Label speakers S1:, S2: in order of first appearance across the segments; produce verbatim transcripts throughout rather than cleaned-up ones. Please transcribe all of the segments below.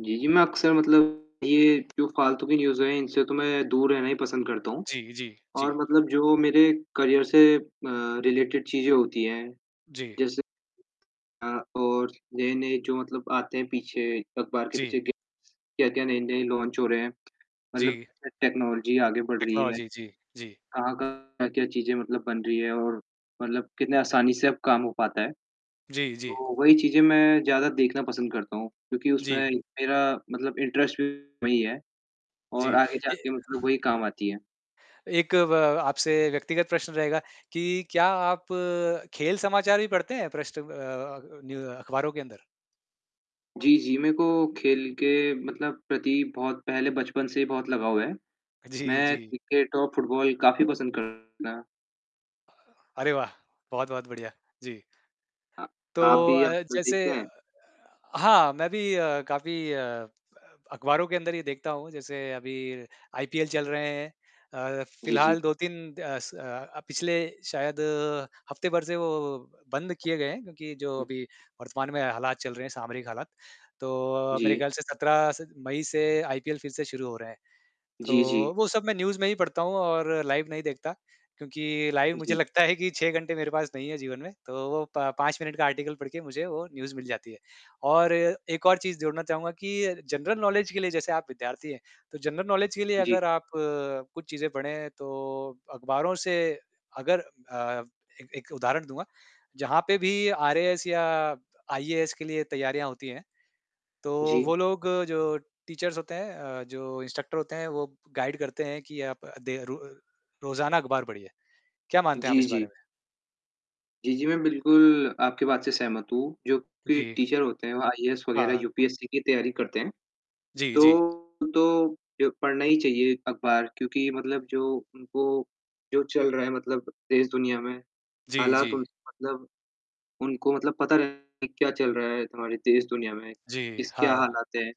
S1: जी, जी, मैं अक्सर मतलब ये जो फालतू के न्यूज़ हैं इनसे तो मैं दूर रहना ही पसंद करता हूँ।
S2: जी, जी, जी।
S1: और मतलब जो मेरे करियर से म रिलेटेड चीजें होती हैं
S2: जी।
S1: जैसे अ, और नए-नए जो मतलब आते हैं पीछे अखबार के
S2: जी।
S1: पीछे ग क्या-क्या नए-नए लॉन्च हो रहे हैं। मतलब
S2: जी।
S1: अ, टेक्नोलॉजी आगे बढ़ रही है।
S2: टेक्नोलॉजी जी, जी।
S1: कहाँ-कहाँ क्या-क्या चीजें मतलब बन रही हैं और मतलब कितने आसानी से अब काम हो पाता है।
S2: जी, जी।
S1: तो वही चीज़ें मैं ज़्यादा देखना पसंद करता हूँ क्योंकि उसमें
S2: जी।
S1: मेरा मतलब इंटरेस्ट भी वही है, और
S2: जी।
S1: आगे
S2: ए
S1: जाके मतलब वही काम आती है।
S2: एक व आपसे व्यक्तिगत प्रश्न रहेगा कि क्या आप खेल समाचार भी पढ़ते हैं पृष्ठ अ, न्यू अखबारों के अंदर?
S1: जी, जी, मेरे को खेल के मतलब प्रति बहुत पहले बचपन से ही बहुत लगाव है।
S2: जी,
S1: मैं
S2: जी।
S1: क्रिकेट और फुटबॉल काफ़ी पसंद करता।
S2: अरे वाह! बहुत-बहुत बढ़िया, जी।
S1: अ,
S2: तो
S1: आप भी
S2: अ,
S1: आजकल
S2: जैसे
S1: देखते हैं?
S2: हाँ, मैं भी अ, काफ़ी अ, अखबारों के अंदर ये देखता हूँ जैसे अभी आईपीएल चल रहे हैं। अ,
S1: जी, जी।
S2: फिलहाल दो तीन द स अ, पिछले शायद हफ्ते भर से वो बंद किए गए हैं क्योंकि जो
S1: हुँ।
S2: अभी वर्तमान में हालात चल रहे हैं, सामरिक हालात। तो मेरे
S1: जी।
S2: ख़्याल से सत्रह स मई से आईपीएल फिर से शुरू हो रहा है।
S1: जी, जी।
S2: तो वो सब मैं न्यूज़ में ही पढ़ता हूँ और लाइव नहीं देखता क्योंकि लाइव मुझे
S1: जी।
S2: लगता है कि छह घंटे मेरे पास नहीं है जीवन में। तो वो प पाँच मिनट का आर्टिकल पढ़ के मुझे वो न्यूज़ मिल जाती है। और एक और चीज़ जोड़ना चाहूँगा कि जनरल नॉलेज के लिए जैसे आप विद्यार्थी हैं, तो जनरल नॉलेज के लिए
S1: जी।
S2: अगर आप कुछ चीज़ें पढ़ें तो अखबारों से अगर अ, एक एक उदाहरण दूँगा। जहाँ पे भी आरएएस या आईएएस के लिए तैयारियाँ होती हैं, तो
S1: जी।
S2: वो लोग जो टीचर्स होते हैं, अ, जो इंस्ट्रक्टर होते हैं, वो गाइड करते हैं कि आप दे रो रोजाना अखबार पढ़िए। क्या मानते हैं आप
S1: जी,
S2: इस बारे
S1: जी।
S2: में?
S1: जी, जी, मैं बिल्कुल आपकी बात से सहमत हूँ। जो कि
S2: जी।
S1: टीचर होते हैं, वो आईएएस वगैरह
S2: हाँ।
S1: यूपीएससी की तैयारी करते हैं,
S2: जी, जी।
S1: तो तो, यो पढ़ना ही चाहिए अखबार क्योंकि मतलब जो उनको जो चल रहा है मतलब देश-दुनिया में,
S2: जी,
S1: हालात
S2: जी।
S1: उनसे मतलब उनको मतलब पता रहे कि क्या चल रहा है हमारे देश-दुनिया में,
S2: जी,
S1: किस क्या
S2: हाँ।
S1: हालात हैं।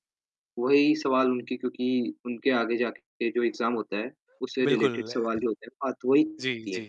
S1: वही सवाल उनके क्योंकि उनके आगे जाके जो एग्ज़ाम होता है उससे
S2: बिल्कुल।
S1: रिलेटेड सवाल जो होते हैं बात वही
S2: जी,
S1: होती है।
S2: जी।